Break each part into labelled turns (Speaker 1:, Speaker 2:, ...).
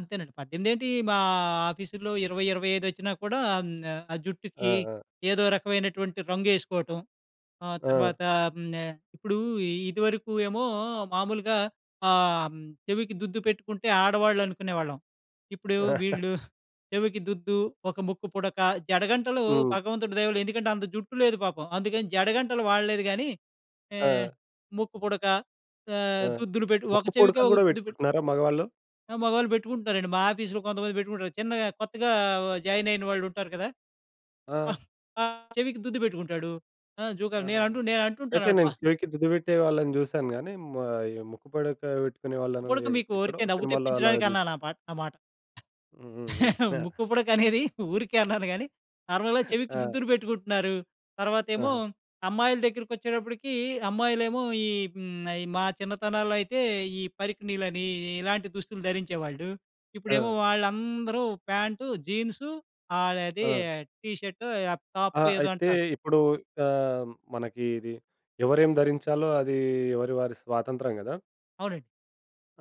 Speaker 1: అంతేనండి. 18 ఏంటీ! మా ఆఫీసుల్లో 20, 25 వచ్చినా కూడా అ‌మ్ ఆహ్, ఆ
Speaker 2: ఆ!
Speaker 1: జుట్టుకి
Speaker 2: ఆ!
Speaker 1: ఏదో రకమైనటువంటి రంగేసుకోవటం, ఆహ్,
Speaker 2: ఆ!
Speaker 1: తర్వాత హ్మ్. ఆహ్, ఇప్పుడూ ఇ ఇదివరకు ఏమో, మామూలుగా ఆహ్, హ్మ్. చెవికి దుద్దు పెట్టుకుంటే, ఆడవాళ్ళునుకునేవాళ్ళం. ఇప్పుడు వీళ్ళు చెవికి దుద్దు, ఒక ముక్కు పుడక, జడగంటలు
Speaker 2: హ్మ్.
Speaker 1: భగవంతుడు దయవల్ల ఎందుకంటే అంత జుట్టు లేదు పాపం! అందుకని జడగంటలు వాడలేదు గానీ, ఏహ్!
Speaker 2: ఆ!
Speaker 1: ముక్కు పుడక ఆహ్,
Speaker 2: ఆ!
Speaker 1: దుద్దులు పెట్టి ఒక
Speaker 2: ముక్కు
Speaker 1: చెవికే
Speaker 2: పుడకలు
Speaker 1: ఒక
Speaker 2: కూడా
Speaker 1: దుద్దు పెట్టి
Speaker 2: పెట్టుకుంటున్నారా మగవాళ్ళు?
Speaker 1: ఆ! మగాళ్ళు పెట్టుకుంటారండి మా ఆఫీస్‌లో కొంతమంది పెట్టుకుంటారు. చిన్నగా కొత్తగా ఆహ్, వ జాయినయిన వాళ్లుంటారు కదా! ఆ!
Speaker 2: ఆ!
Speaker 1: ఆహ్, చెవికి దుద్దు పెట్టుకుంటాడు. ఆ! జూకాలు
Speaker 2: ఆహా!
Speaker 1: నేను అంటు నేనంటుటాను
Speaker 2: అయితే
Speaker 1: అడప
Speaker 2: నేను చెవికి దుద్దుపెట్టే వాళ్ళని జూసాను గానీ, హ్మ్. ఆహ్, యు ఈ ముక్కు పుడక బెట్టుకునే వాళ్ళని
Speaker 1: ఇప్పుడికి
Speaker 2: ఎ
Speaker 1: మీకు
Speaker 2: ఎక్కడో
Speaker 1: ఊరికే నవ్వు
Speaker 2: సినిమాలో అలాగా జూసాం.
Speaker 1: తెప్పించడానికన్నానా పాట్ ఆ మాట.
Speaker 2: హుహుహు. యాహ్!
Speaker 1: ముక్కుపుడకనేది, ఊరికే అన్నాను గానీ, నార్మల్‌గా చెవికి
Speaker 2: ఆ!
Speaker 1: దుద్దులు పెట్టుకుంటున్నారు. తర్వాతేమో
Speaker 2: ఆహా!
Speaker 1: అమ్మాయిల దగ్గరికొచ్చేటప్పటికి, అమ్మాయిలేమో ఈ హ్మ్. అయి మా చిన్నతనంలో అయితే, ఈ పరికిణీలనీ ఇ ఇలాంటి దుస్తులు ధరించేవాళ్ళు. ఇప్పుడేమో
Speaker 2: ఆ!
Speaker 1: వాళ్ళందరూ ప్యాంటు, జీన్సు ఆహ్, అదీ
Speaker 2: ఆ!
Speaker 1: టీ షర్టో, అప్ టాప్
Speaker 2: ఆ!
Speaker 1: ఏదో
Speaker 2: అయితే,
Speaker 1: అంటారు.
Speaker 2: ఇప్పుడు ఆహ్, మనకి ఇది ఎవరేం ధరించాలో, అదీ ఎవరి వారి స్వాతంత్రం కదా!
Speaker 1: అవునండి.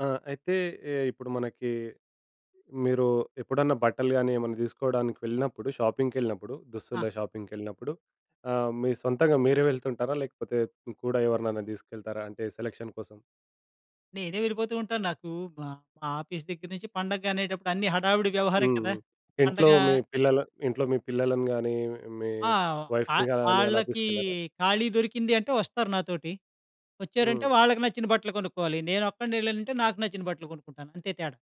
Speaker 2: ఆ! అయితే ఎ ఇప్పుడు మనకి మీరు ఎప్పుడన్నా బట్టలు గానీ ఏమన్నా దీసుకోడానికి వెళ్ళినప్పుడు, షాపింగ్‌కెళ్ళినప్పుడు
Speaker 1: ఆ!
Speaker 2: దుస్తులే షాపింగ్‌కెళ్ళినప్పుడు, ఆహ్, మీ సొంతగా మీరే వెళ్తుంటారా? లేకపోతే హ్మ్. కూడా ఎవరిననా దీసుకెళ్తారా అంటే సెలక్షన్ కోసం?
Speaker 1: నేనే వెళ్ళిపోతూ ఉంటాను. నాకు మ మా ఆఫీస్ దగ్గర నుంచి పండగ అనేటప్పుడన్నీ హడావిడి వ్యవహారం కదా!
Speaker 2: హుహు. ఇంట్లో
Speaker 1: పండగా
Speaker 2: మీ పిల్లలు ఇంట్లో మీ పిల్లలను గానీ, మీ
Speaker 1: ఆవ్ ఆ!
Speaker 2: వైఫ్‌ని
Speaker 1: ఆహ్,
Speaker 2: గానీ అలా
Speaker 1: ఆళ్ళకీ
Speaker 2: తీసుకెళ్లారా?
Speaker 1: ఖాళీ దొరికింది అంటే వస్తారు నాతోటి. వచ్చారంటే,
Speaker 2: హ్మ్.
Speaker 1: వాళ్ళకి నచ్చిన బట్టలు కొనుక్కోవాలి. నేనొక్కడినెళ్ళానంటే, నాకు నచ్చిన బట్టలు కొనుక్కుంటాను. అంతే తేడా.